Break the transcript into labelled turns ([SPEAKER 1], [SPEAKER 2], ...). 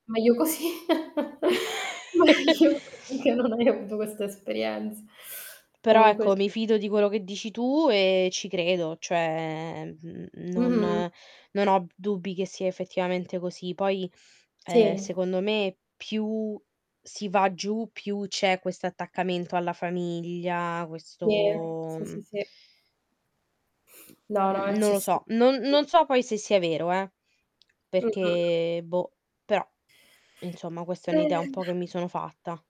[SPEAKER 1] Meglio così, meglio così, che non hai avuto questa esperienz
[SPEAKER 2] Però
[SPEAKER 1] comunque s
[SPEAKER 2] ecco mi fido di quello che dici tu e ci credo, cioè n non
[SPEAKER 1] Mh-mh.
[SPEAKER 2] non ho dubbi che sia effettivamente così. Poi, ehm,
[SPEAKER 1] Sì
[SPEAKER 2] secondo me più si va giù, più c'è questo attaccamento alla famiglia,
[SPEAKER 1] Sì,
[SPEAKER 2] questo,
[SPEAKER 1] sì, sì,
[SPEAKER 2] mhmm
[SPEAKER 1] sì.
[SPEAKER 2] mhmm,
[SPEAKER 1] No, no, è
[SPEAKER 2] n non lo
[SPEAKER 1] accessibile.
[SPEAKER 2] so. Non non so poi se sia vero, eh,
[SPEAKER 1] Mh-mh.
[SPEAKER 2] perchè boh, però insomma questa è un'idea un
[SPEAKER 1] Eh.
[SPEAKER 2] po' che mi sono fatta.